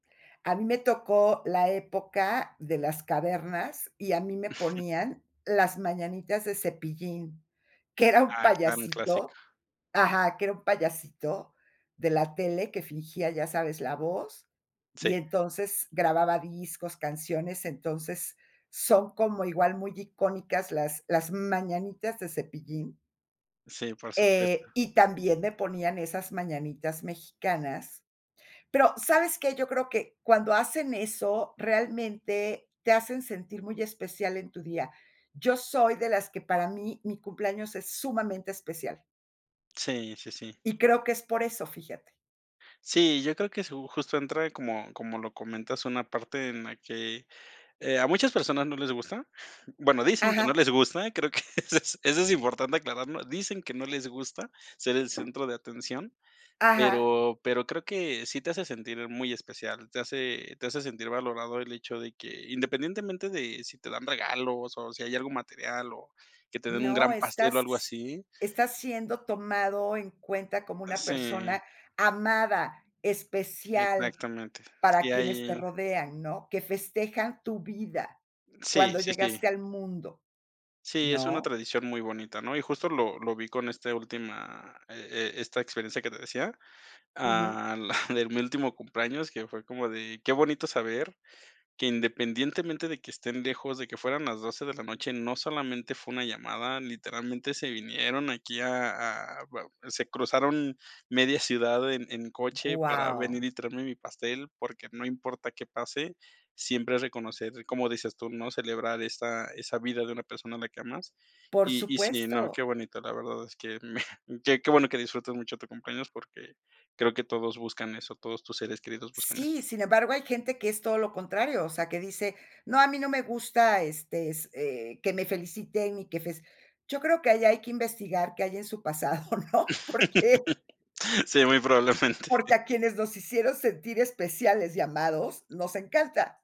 A mí me tocó la época de las cavernas, y a mí me ponían Las mañanitas de Cepillín, que era un Ah, claro. Un clásico. payasito ajá, que era un payasito de la tele, que fingía, ya sabes, la voz, Sí. y entonces grababa discos, canciones. Entonces son como igual, muy icónicas Las Las mañanitas de Cepillín. Sí, por supuesto. Eh, y también me ponían esas mañanitas mexicanas. Pero, ¿sabes qué?, yo creo que cuando hacen eso, realmente te hacen sentir muy especial en tu día. Yo soy de las que, para mí, mi cumpleaños es sumamente especial. Sí, sí, sí. Y creo que es por eso, fíjate. Sí, yo creo que su justo entra como como lo comentas, una parte en la que, eh, a muchas personas no les gusta. Bueno, dicen que no Ajá. les gusta, creo que eso eso es importante aclararlo, dicen que no les gusta ser el centro de atención, Ajá. pero pero creo que sí te hace sentir muy especial, te hace te hace sentir valorado el hecho de que, independientemente de si te dan regalos o si hay algo material, o que te den un No, gran pastel estás o algo s así estás siendo tomado en cuenta como una persona Sí. amada, especial, Exactamente. para Sí, quienes te ahí rodean, ¿no?, que festejan tu vida Sí, cuando sí, sí. llegaste al mundo, Sí, es una ¿no? tradición muy bonita, ¿no? Y justo lo lo vi con este última, e e esta experiencia que te decía, Ujú. ah, la de mi último cumpleaños, que fue como de, qué bonito saber que independientemente de que estén lejos, de que fueran las 12 de la noche, no solamente fue una llamada, literalmente se vinieron aquí a a va se cruzaron media ciudad en en coche para venir Guau. y traerme mi pastel, porque no importa qué pase, siempre reconocer, como dices tú, ¿no? Celebrar esa esa vida de una persona a la que amas. Por Y y sí, no, qué supuesto. bonito, la verdad es que me qué qué bueno que disfrutes mucho tu cumpleaños, porque creo que todos buscan eso, todos tus seres queridos buscan eso Sí, sin embargo, hay gente que es todo lo contrario, o sea, que dice: "No, a mí no me gusta, este s eh, que me feliciten y que fes". Yo creo que ahí hay que investigar qué hay en su pasado, ¿no? Porque Sí, muy probablemente. porque a quienes nos hicieron sentir especiales y amados, nos encanta.